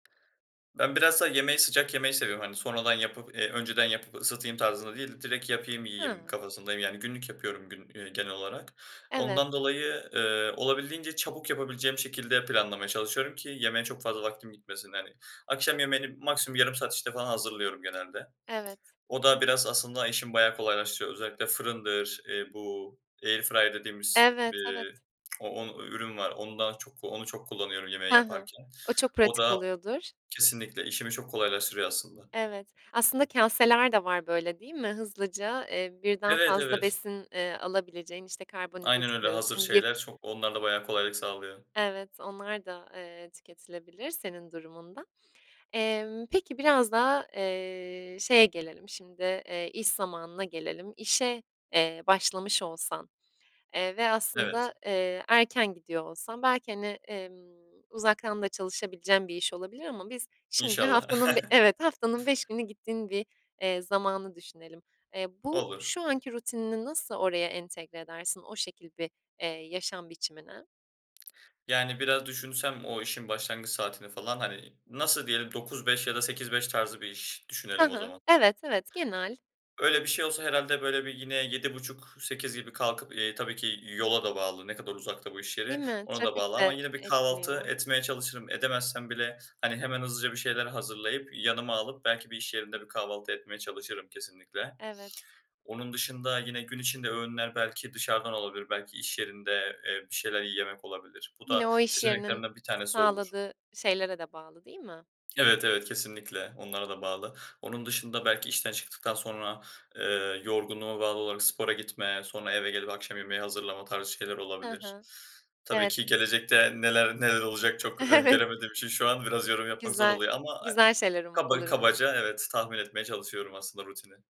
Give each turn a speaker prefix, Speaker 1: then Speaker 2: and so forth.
Speaker 1: Ben bilhassa yemeği sıcak yemeyi seviyorum, hani sonradan yapıp, eee, önceden yapıp ısıtayım tarzında değil, direkt yapayım yiyeyim
Speaker 2: Hıı.
Speaker 1: kafasındayım, yani günlük yapıyorum gün eee, genel olarak.
Speaker 2: Evet.
Speaker 1: Ondan dolayı, ııı, olabildiğince çabuk yapabileceğim şekilde planlamaya çalışıyorum ki yemeğe çok fazla vaktim gitmesin. Yani, akşam yemeğini maksimum yarım saat içinde falan hazırlıyorum genelde.
Speaker 2: Evet.
Speaker 1: O da biraz aslında işimi bayağı kolaylaştırıyor. Özellikle fırındır, eee, bu airfryer dediğimiz
Speaker 2: Evet, evet.
Speaker 1: bir o on ü ürün var. Onu da çok onu çok kullanıyorum yemeği
Speaker 2: Hı hı.
Speaker 1: yaparken.
Speaker 2: O çok
Speaker 1: O
Speaker 2: pratik
Speaker 1: da
Speaker 2: oluyordur.
Speaker 1: kesinlikle işimi çok kolaylaştırıyor aslında.
Speaker 2: Evet, aslında kâseler de var böyle değil mi? Hızlıca, eee, birden
Speaker 1: Evet,
Speaker 2: fazla
Speaker 1: evet.
Speaker 2: besin, eee, alabileceğin işte
Speaker 1: Aynen
Speaker 2: karbonhidratı
Speaker 1: öyle. Hazır
Speaker 2: koyuyorsun, lif
Speaker 1: şeyler, çok, onlar da bayağı kolaylık sağlıyor.
Speaker 2: Evet, onlar da, eee, tüketilebilir senin durumunda. Emm, peki biraz da, eee, şeye gelelim şimdi, eee, iş zamanına gelelim. İşe, eee, başlamış olsan, eee, ve
Speaker 1: Evet.
Speaker 2: aslında, eee, erken gidiyor olsan belki hani, emm, uzaktan da çalışabileceğin bir iş olabilir ama biz şimdi
Speaker 1: İnşallah.
Speaker 2: haftanın bi evet haftanın 5 günü gittiğin bir, eee, zamanı düşünelim. Eee, bu
Speaker 1: Olur.
Speaker 2: şu anki rutinini nasıl oraya entegre edersin, o şekil bir, eee, yaşam biçimine?
Speaker 1: Yani biraz düşünsem o işin başlangıç saatini falan, hani, nasıl diyelim 9-5 ya da 8-5 tarzı bir iş
Speaker 2: Hı
Speaker 1: düşünelim o
Speaker 2: hı,
Speaker 1: zaman.
Speaker 2: evet, evet genel.
Speaker 1: Öyle bir şey olsa herhâlde böyle bir yine 7.30-8.00 gibi kalkıp, eee, tabii ki yola da bağlı, ne kadar uzakta bu iş
Speaker 2: Değil
Speaker 1: yeri
Speaker 2: mi?
Speaker 1: ona da bağlı
Speaker 2: Trafik
Speaker 1: ama
Speaker 2: de
Speaker 1: yine bir kahvaltı
Speaker 2: etkiliyor.
Speaker 1: etmeye çalışırım. Edemezsem bile hani hemen hızlıca bir şeyler hazırlayıp, yanıma alıp belki bir iş yerinde bir kahvaltı etmeye çalışırım kesinlikle.
Speaker 2: Evet.
Speaker 1: Onun dışında yine gün içinde öğünler belki dışarıdan olabilir, belki iş yerinde, eee, bir şeyler yemek olabilir. Bu
Speaker 2: Yine
Speaker 1: da
Speaker 2: o iş yerinin
Speaker 1: seçeneklerimden 1 tanesi olur.
Speaker 2: sağladığı şeylere de bağlı değil mi?
Speaker 1: Evet, evet. Kesinlikle, onlara
Speaker 2: Hı
Speaker 1: da
Speaker 2: hı.
Speaker 1: bağlı. Onun dışında belki işten çıktıktan sonra, ııı, yorgunluğuma bağlı olarak spora gitme, sonra eve gelip akşam yemeği hazırlama tarzı şeyler
Speaker 2: Hı
Speaker 1: olabilir.
Speaker 2: hı.
Speaker 1: Tabii
Speaker 2: Evet.
Speaker 1: ki gelecekte neler neler olacak çok
Speaker 2: Evet.
Speaker 1: öngöremediğim için şu an biraz yorum yapmak zor
Speaker 2: Güzel,
Speaker 1: oluyor ama, eee,
Speaker 2: güzel şeyler um
Speaker 1: kaba
Speaker 2: olur umarım.
Speaker 1: kabaca evet tahmin etmeye çalışıyorum aslında rutini.